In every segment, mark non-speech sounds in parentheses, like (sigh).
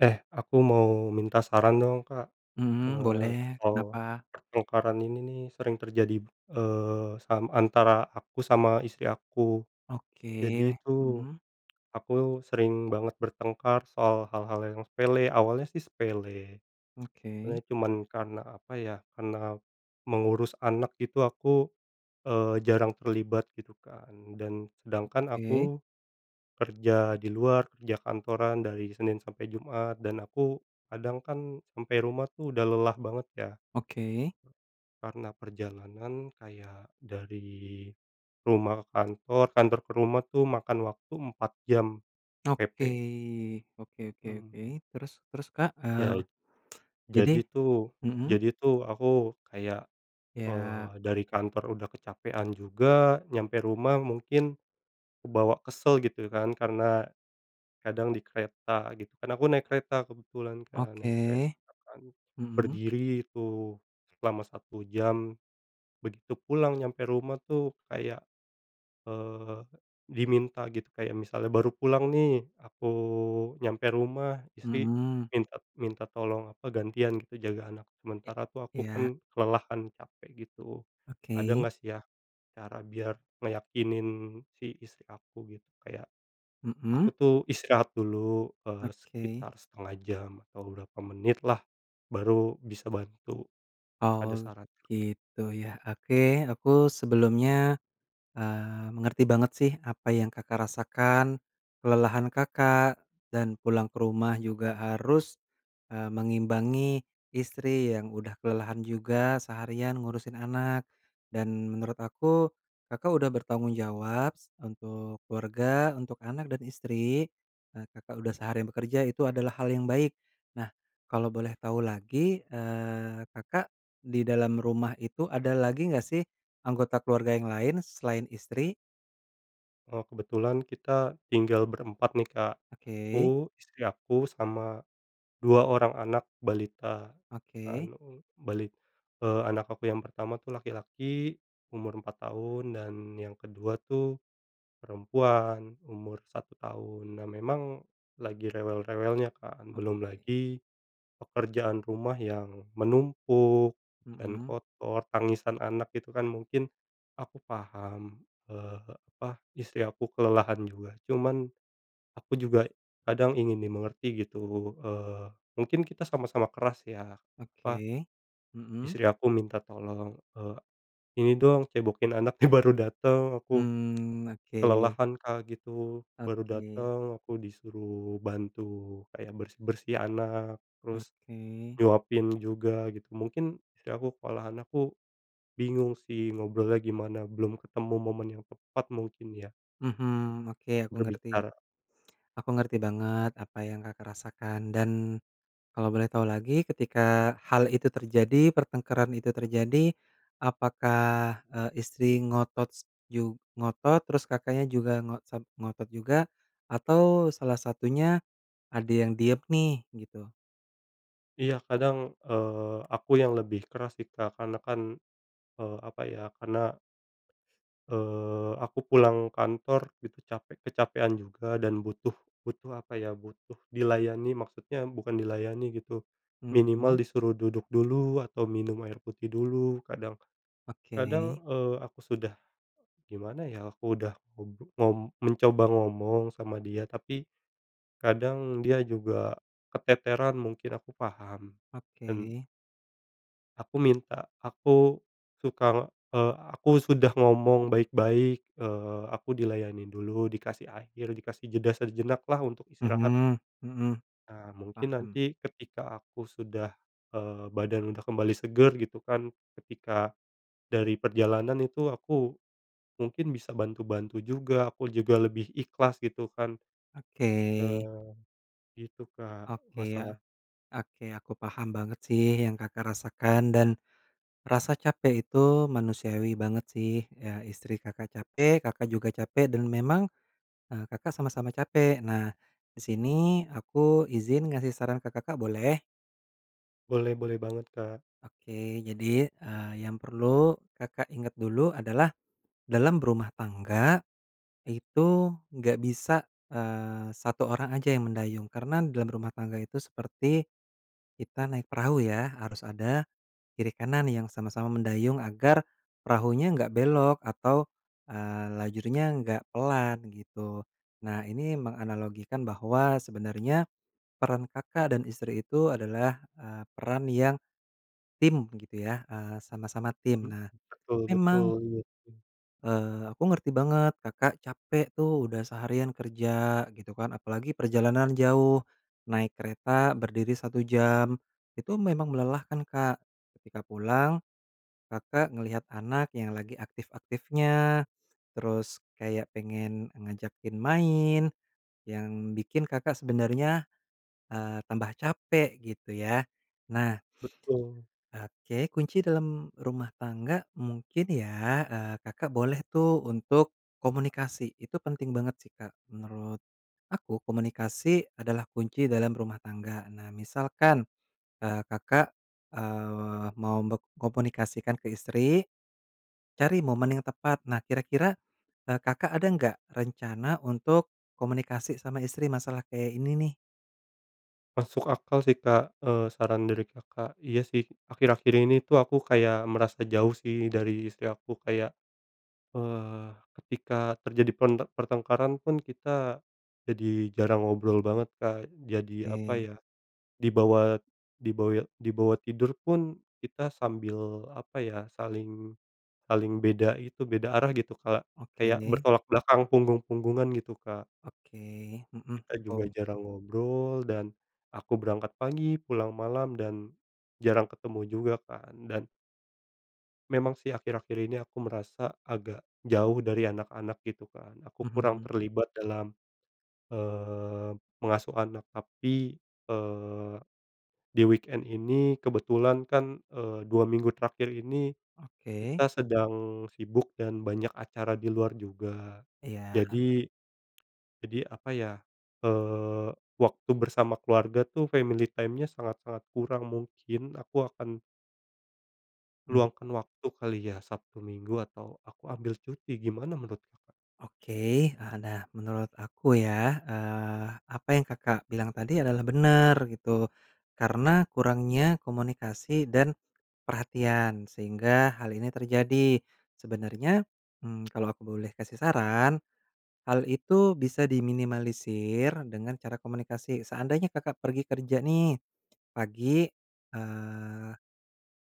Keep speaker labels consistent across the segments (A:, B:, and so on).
A: Eh, aku mau minta saran dong, Kak.
B: Mhm,
A: Eee,
B: boleh.
A: soal
B: Kenapa?
A: pertengkaran ini, nih, sering terjadi, eee, sam antara aku sama istri aku. Jadi
B: Oke,
A: itu,
B: mhm.
A: aku sering banget bertengkar soal hal-hal yang sepele. Awalnya sih sepele.
B: Oke.
A: Awalnya cuman karena apa, ya, karena mengurus anak gitu aku, eee, jarang terlibat gitu, kan, dan sedangkan
B: Oke.
A: aku kerja di luar, kerja kantoran dari Senin sampai Jumat dan aku kadang, kan, sampai rumah, tuh, udah lelah banget, ya.
B: Oke.
A: Karena perjalanan kayak dari rumah ke kantor, kantor ke rumah itu makan waktu 4 jam
B: Oke,
A: PP.
B: oke oke oke.
A: Mhm.
B: Terus terus, Kak,
A: Yait
B: eee, jadi
A: jadi, tuh
B: mhm.
A: jadi, tuh, aku kayak,
B: Ya.
A: eee, dari kantor udah kecapekan juga, nyampe rumah mungkin kebawa kesel gitu, kan, karena, kadang di kereta gitu, kan, aku naik kereta kebetulan, kan. Naik
B: Oke.
A: kereta, kan,
B: Mhm.
A: berdiri itu selama 1 jam, begitu pulang nyampe rumah, tuh, kayak, eee, diminta gitu. Kayak misalnya baru pulang, nih, aku nyampe rumah, istri
B: Mhm.
A: minta minta tolong apa, gantian gitu jaga anak.
B: I
A: Sementara, tuh, aku,
B: iya
A: kan, kelelahan capek gitu. Ada
B: Oke
A: nggak, sih, ya, cara biar ngeyakinin si istri aku gitu, kayak aku,
B: Mhm.
A: tuh, istirahat dulu, eee,
B: Oke.
A: sekitar 1/2 jam atau berapa menit lah, baru bisa bantu. Ada
B: Oh,
A: saran nggak, Kak?
B: gitu, ya. Oke, aku sebelumnya, eee, mengerti banget, sih, apa yang Kakak rasakan, kelelahan Kakak dan pulang ke rumah juga harus, eee, mengimbangi istri yang udah kelelahan juga seharian ngurusin anak. Dan menurut aku, Kakak udah bertanggung jawab s untuk keluarga untuk anak dan istri. Eee, Kakak udah seharian bekerja itu adalah hal yang baik. Nah, kalau boleh tahu lagi, eee, Kakak di dalam rumah itu ada lagi nggak, sih, anggota keluarga yang lain selain istri?
A: Oh, kebetulan kita tinggal berempat nih, Kak.
B: Oke.
A: Aku, istri aku, sama 2 orang anak balita.
B: Oke.
A: Anu, balit eee, anak aku yang pertama tuh laki-laki umur 4 tahun dan yang kedua tuh perempuan umur 1 tahun. Nah, memang lagi rewel-rewelnya kan belum
B: Oke.
A: lagi pekerjaan rumah yang menumpuk dan
B: Mhm.
A: kotor, tangisan anak itu kan mungkin aku paham, eee, apa, istri aku kelelahan juga. Cuman, aku juga kadang ingin dimengerti gitu. Eee, mungkin kita sama-sama keras ya, apa,
B: Oke, mhm.
A: istri aku minta tolong, eee, "Ini dong, cebokin anaknya," baru datang, aku
B: Mmm, oke.
A: kelelahan, Kak, gitu. Baru
B: Oke.
A: datang aku disuruh bantu kayak bersih-bersih anak, terus
B: Oke.
A: nyuapin juga gitu. Mungkin istri aku kalau anakku bingung sih ngobrolnya gimana. Belum ketemu momen yang tepat mungkin ya.
B: Mhm, oke. Aku ngerti.
A: Berbicara.
B: Aku ngerti banget apa yang Kakak rasakan. Dan kalau boleh tahu lagi, ketika hal itu terjadi, pertengkaran itu terjadi, apakah, eee, istri ngotot s jug ngotot terus, Kakaknya juga ngo sam ngotot juga, atau salah satunya ada yang diem nih? Gitu.
A: Iya, kadang, eee, aku yang lebih keras sih Kak, karena kan, eee, apa ya karena, eee, aku pulang kantor gitu capek kecapekan juga dan butuh butuh apa ya, butuh dilayani maksudnya bukan dilayani gitu, minimal
B: Mhm.
A: disuruh duduk dulu atau minum air putih dulu. Kadang kadang,
B: Oke.
A: eee, aku sudah gimana ya, aku udah untuk ngom mencoba ngomong sama dia. Tapi, kadang dia juga keteteran, mungkin aku paham dan
B: Oke.
A: aku minta aku suka, eee, aku sudah ngomong baik-baik, eee, aku dilayanin dulu, dikasih air, dikasih jeda sejenak lah untuk istirahat.
B: Mhm, mhm.
A: Nah, mungkin
B: Paham.
A: nanti ketika aku sudah, eee, badan udah kembali segar gitu kan. Ketika dari perjalanan itu aku mungkin bisa bantu-bantu juga. Aku juga lebih ikhlas gitu kan.
B: Oke.
A: Eee, gitu Kak,
B: Oke, a
A: masalah
B: oke, aku paham banget sih yang Kakak rasakan. Dan rasa capek itu manusiawi banget sih. Eee, istri Kakak capek, Kakak juga capek, dan memang, eee, Kakak sama-sama capek. Nah, di sini aku izin ngasih saran ke Kakak, boleh?
A: Boleh, boleh banget, Kak.
B: Oke. Jadi, eee, yang perlu Kakak ingat dulu adalah, dalam berumah tangga itu enggak bisa, eee, 1 orang aja yang mendayung. Karena dalam rumah tangga itu seperti kita naik perahu, ya, harus ada kiri kanan yang sama-sama mendayung agar perahunya enggak belok atau, eee, lajurnya enggak pelan gitu. Nah, ini menganalogikan bahwa sebenarnya peran Kakak dan istri itu adalah, eee, peran yang tim, gitu ya, eee, sama-sama tim.
A: Mhm.
B: Nah,
A: Betul
B: memang
A: betul, iya sih.
B: eee, aku ngerti banget, Kakak capek tuh, udah seharian kerja, gitu kan. Apalagi perjalanan jauh, naik kereta berdiri 1 jam, itu memang melelahkan, Kak. Ketika pulang, Kakak ngelihat anak yang lagi aktif-aktifnya, terus kayak pengen ngajakin main yang bikin Kakak sebenarnya, eee, tambah capek, gitu ya. Nah
A: Betul.
B: oke, kunci dalam rumah tangga mungkin ya, eee, Kakak boleh tuh untuk komunikasi. Itu penting banget sih, Kak, menurut aku, komunikasi adalah kunci dalam rumah tangga. Nah, misalkan, eee, Kakak, eee, mau bek komunikasikan ke istri, cari momen yang tepat. Nah, kira-kira, eee, Kakak ada enggak rencana untuk komunikasi sama istri masalah kayak ini nih?
A: Masuk akal sih Kak, eee, saran dari Kakak, iya, sih, akhir-akhir ini tuh aku kayak merasa jauh sih dari istri aku kayak, eee, ketika terjadi pen pertengkaran pun kita, jadi jarang ngobrol banget Kak jadi apa
B: Oke.
A: ya, dibawa dibawa dibawa tidur pun kita sambil apa ya saling saling beda itu beda arah gitu kalak kayak
B: Oke.
A: bertolak belakang punggung-punggungan gitu Kak.
B: Oke, mhm,
A: Kita juga
B: betul.
A: jarang ngobrol dan, aku berangkat pagi pulang malam dan, jarang ketemu juga kan. Dan memang sih akhir-akhir ini aku merasa agak jauh dari anak-anak gitu kan aku kurang
B: Mhm.
A: terlibat dalam, eee, mengasuh anak tapi, eee, di-weekend ini kebetulan kan, eee, 2 minggu terakhir ini,
B: Oke.
A: kita sedang sibuk dan banyak acara di luar juga,
B: Iya.
A: jadi jadi apa ya, eee, waktu bersama keluarga tuh family time-nya sangat-sangat kurang mungkin aku akan
B: Mhm.
A: Luangkan waktu kali ya, Sabtu, Minggu, atau aku ambil cuti, gimana menurut Kakak?
B: Oke, eee, nah, menurut aku ya, eee, apa yang Kakak bilang tadi adalah bener gitu. Karena kurangnya komunikasi dan perhatian, sehingga hal ini terjadi. Sebenernya, mmm, (smacks lips) kalau aku boleh kasih saran, hal itu bisa diminimalisir dengan cara komunikasi. Seandainya Kakak pergi kerja nih, pagi, eee,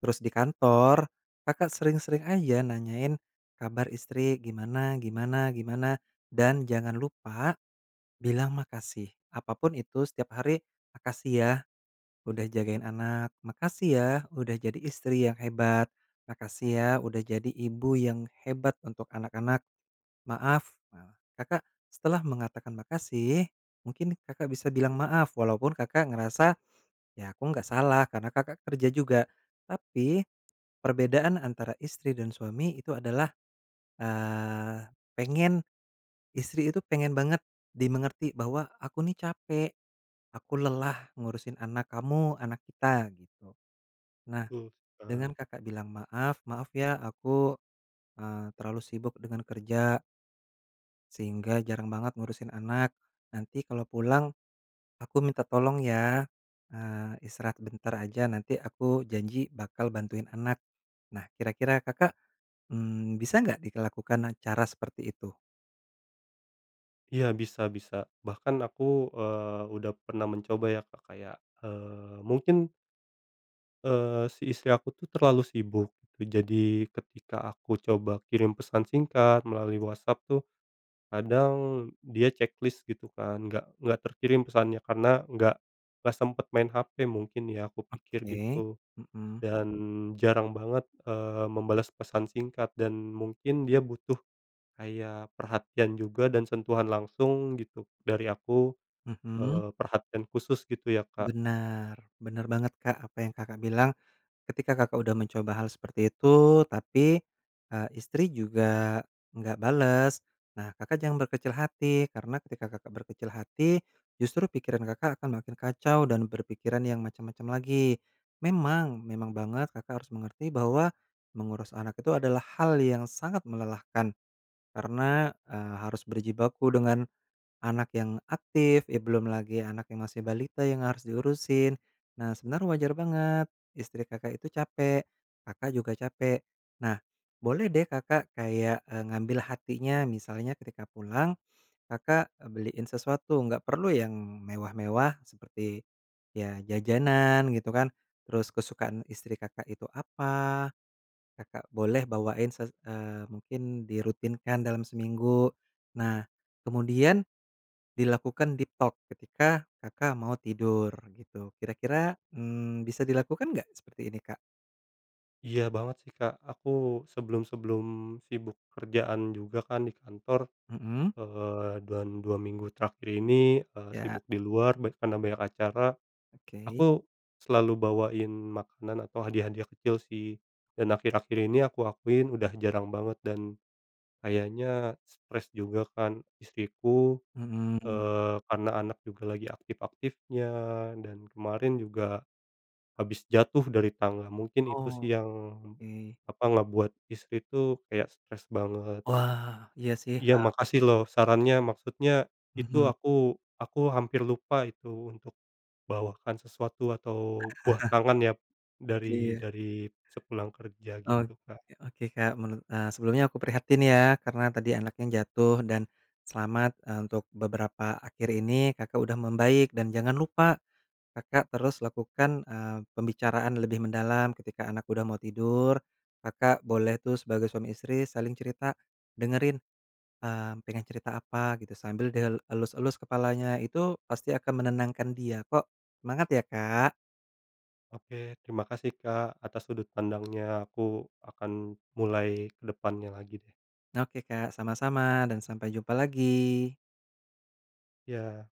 B: terus di kantor Kakak sering-sering aja nanyain kabar istri, gimana gimana gimana, dan jangan lupa bilang makasih, apapun itu setiap hari, "Makasih ya, udah jagain anak. Makasih ya, udah jadi istri yang hebat. Makasih ya, udah jadi ibu yang hebat untuk anak-anak. Maaf." Nah, Kakak, setelah mengatakan makasih mungkin Kakak bisa bilang maaf walaupun Kakak ngerasa, "Ya, aku enggak salah." Karena Kakak kerja juga. Tapi, perbedaan antara istri dan suami itu adalah, eee, pengen istri itu pengen banget dimengerti bahwa, "Aku ini capek, aku lelah ngurusin anak kamu, anak kita," gitu. Nah,
A: Betul sih,
B: dengan
A: Kak.
B: Kakak bilang maaf, "Maaf ya, aku, eee, terlalu sibuk dengan kerja." Sehingga jarang banget ngurusin anak. Nanti kalau pulang, aku minta tolong ya. Nah, istirahat sebentar aja, nanti aku janji bakal bantuin anak. Nah, kira-kira Kakak, mmm, bisa enggak dilakukan cara seperti itu?
A: Iya, bisa bisa. Bahkan aku, eee, udah pernah mencoba ya Kak, kayak, eee, mungkin Eee, si istri aku tuh terlalu sibuk. Je jadi ketika aku coba kirim pesan singkat melalui WhatsApp tuh, kadang, dia checklist gitu kan, enggak enggak terkirim pesannya karena enggak enggak sempat main HP mungkin ya, aku pikir
B: Oke,
A: gitu,
B: hmm.
A: dan jarang banget, eee, membalas pesan singkat dan mungkin dia butuh kayak perhatian juga dan sentuhan langsung gitu dari aku,
B: Mhm.
A: eee, perhatian khusus gitu ya Kak?
B: Benar, benar banget Kak, apa yang Kakak bilang. Ketika Kakak udah mencoba hal seperti itu, tapi, eee, istri juga enggak bales, nah, Kakak jangan berkecil hati karena ketika Kakak berkecil hati, justru pikiran Kakak akan makin kacau dan berpikiran yang macam-macam lagi. Memang, memang banget Kakak harus mengerti bahwa mengurus anak itu adalah hal yang sangat melelahkan, karena, eee, harus berjibaku dengan anak yang aktif, ya belum lagi anak yang masih balita yang harus diurusin. Nah, sebenarnya wajar banget, istri Kakak itu capek. Kakak juga capek. Nah, boleh deh Kakak kayak, eee, ngambil hatinya. Misalnya ketika pulang, Kakak beliin sesuatu, enggak perlu yang mewah-mewah, seperti ya jajanan, gitu kan. Terus kesukaan istri Kakak itu apa, Kakak boleh bawain se eee, mungkin dirutinkan dalam seminggu. Nah, kemudian dilakukan deep talk ketika Kakak mau tidur, gitu. Kira-kira, mmm, bisa dilakukan enggak seperti ini Kak?
A: Iya, banget sih, Kak. Aku sebelum-sebelum sibuk kerjaan juga kan di kantor,
B: Mmm.
A: eee, dan 2 minggu terakhir ini, eee,
B: Ya.
A: sibuk di luar ban karena banyak acara.
B: Oke.
A: Aku selalu bawain makanan atau hadiah-hadiah kecil sih, dan akhir-akhir ini aku akuin udah jarang banget dan kayaknya stres juga kan istriku,
B: Mmm.
A: eee, karena anak juga lagi aktif-aktifnya dan kemarin juga habis jatuh dari tangga. Mungkin itu sih
B: Oh.
A: yang,
B: Oke.
A: apa, ngebuat istri itu kayak stres banget.
B: Wah. Iya sih,
A: Iya.
B: heeh.
A: Makasih loh, sarannya. Maksudnya itu
B: Mhm.
A: aku aku hampir lupa itu untuk bawakan sesuatu atau buah
B: (chuckles)
A: tangan ya, dari
B: Iya.
A: dari sepulang kerja
B: Oke
A: gitu, Kak.
B: oke, Kak. Menu eee, sebelumnya aku prihatin ya, karena tadi anaknya jatuh dan selamat, eee, untuk beberapa akhir ini, Kakak udah membaik dan jangan lupa, Kakak terus lakukan, eee, pembicaraan lebih mendalam. Ketika anak udah mau tidur, Kakak boleh tuh sebagai suami istri saling cerita, dengerin, mmm, pengen cerita apa, gitu, sambil di el elus-elus kepalanya. Itu pasti akan menenangkan dia, kok. Semangat ya, Kak!
A: Oke. Terima kasih, Kak, atas sudut pandangnya. Aku akan mulai ke depannya lagi, deh.
B: Oke, Kak. Sama-sama dan sampai jumpa lagi.
A: Ya.